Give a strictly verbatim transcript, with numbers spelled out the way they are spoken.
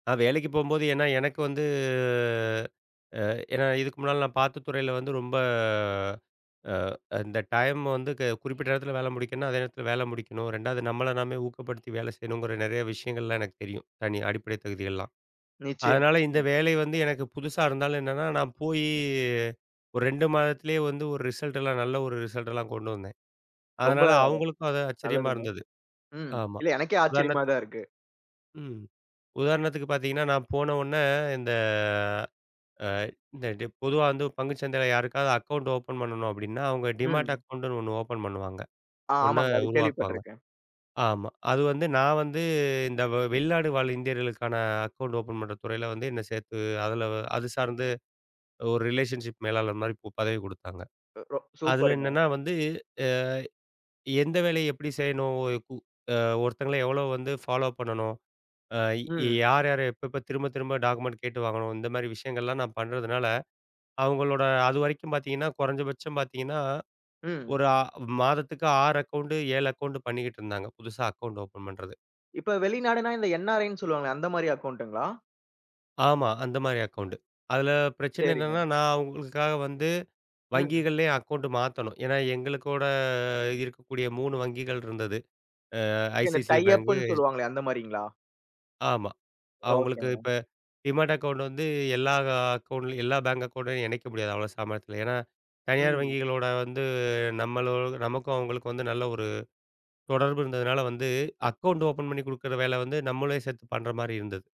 நான் வேலைக்குப் போம்போது. ஏன்னா, எனக்கு வந்து ஆ, ஏன்னா, இதுக்கு முன்னால நான் பார்த்த துறையில வந்து ரொம்ப ஆ, அந்த டைம் வந்து க குறிப்பிட்ட நேரத்துல வேல முடிக்கணுன. அதே நேரத்துல வேல முடிக்கணும். ரெண்டாவது நம்மள நாமே ஊக்கப்படுத்தி வேல செய்யணுங்கற நெறைய விஷயங்கள்லாம் எனக்குத் தெரியும். தனி அடிப்படை தகுதி எல்லாம். நிச்சியம். அதனால இந்த ம். வேலை வந்து எனக்குப் புதுசா இருந்தாலும், என்னனா நான் போயி ஒரு ரெண்டு மாதத்திலேயே வந்து ஒரு ரிசல்ட்டெல்லாம் நல்ல ஒரு ரிசல்ட்லாம் கொண்டு வந்தேன். ரொம்ப அதனால அவங்களுக்கும் அது ஆச்சரியமா நல்லதுங்க. இருந்தது. ம். ஆமா. இல்ல, எனக்கே உதாரணத்துக்கு ஆச்சரியமாதான் இருக்கு. ம். உதாரணத்துக்குப் பாத்தீங்கன்னா, நான் போன ஒடனே இந்த ஆ, இந்த டிப் பொதுவா வந்து ஒரு பங்குச்சந்தையில் யாருக்காவது அக்கவுண்ட் ஓபன் பண்ணணும் அப்டினா, அவங்க டீமேட் ம். அக்கவுண்ட் ஒண்ணு ஓபன் பண்ணுவாங்க, ஆ ஒண்ணா ஆமாங்க. அத உருவாக்குவாங்க. கேள்விப்பட்டிருக்கேன். ஆமா, அது வந்து. நான் வந்து இந்த வெளிநாடு வாழ் இந்தியர்களுக்கான அக்கவுண்ட் ஓபன் பண்ற துறையில வந்து என்னைச் சேர்த்து, அதுல அது சார்ந்து ஒரு ரிலேஷன்ஷிப் மேலாளர் மாரி பு பதவி குடுத்தாங்க. ரோ அதுல சூப்பருங்க. என்னன்னா வந்து, ஏ எந்த வேலையை எப்டி செய்யணும், ஒரு கு ஆ, ஒருத்தங்கள எவ்வலஓ வந்து ஃபாலோ பண்ணனும், ஆ ம். யார் யார எப்ப எப்ப திரும்பத் திரும்ப டாக்குமெண்ட் கேட்டு வாங்கணும். இந்த மாரி விஷயங்கள் எல்லாம் நான் பண்றதுனால, அவங்களோட அதுவரைக்கும் பாத்தீங்கன்னா, குறைஞ்ச பட்சம் பாத்தீங்கன்னா, ம். ஒரு ஆ மாதத்துக்கு ஆறு அக்கவுண்ட் ஏழு அக்கவுண்ட் பண்ணிக்கிட்டு இருந்தாங்க. புதுசா அக்கவுண்ட் பண்றது. இப்ப வெளிநாடுனா, இந்த என்.ஆர்.ஐன்னு சொல்லுவாங்களே, அந்த மாரி அக்கவுண்ட்ங்களா? ஆமா. அந்த மாரி அக்கவுண்ட். அதுல பிரச்சனை என்னன்னா, சரிங்க. நான் உங்களுக்காக வந்து ம். வங்கிகள்லேயே அக்கவுண்ட் மாத்தணும். ஏன்னா, எங்களுக்கூட ஆ, இருக்கக்கூடிய மூணு வங்கிகள் இருந்தது ஆ, ஓகே, இந்த ஐசிஐசிஐ பேங்க், டையப்ன்னு எச் சொல்லுவாங்களே, அந்த மாரிங்களா? ஆமா. அவங்களுக்கு ஓகேங்க. இப்ப டீமேட் அக்கவுண்ட் வந்து எல்லா அக்கவுண்ட்லயும் எல்லா பேங்க் அக்கவுண்ட்லயும் இணைக்க முடியாது. அவ்வளோ சாமத்தியத்துல. ஏன்னா, தனியார் ம். வங்கிகளோட வந்து நம்மளு நமக்கும் அவங்களுக்கும் நல்ல ஒரு தொடர்பு இருந்ததுனால, வந்து அக்கவுண்ட் ஓபன் பண்ணி குடுக்கிற வேல வந்து நம்மளே சேத்து பண்ற மாதிரி இருந்தது.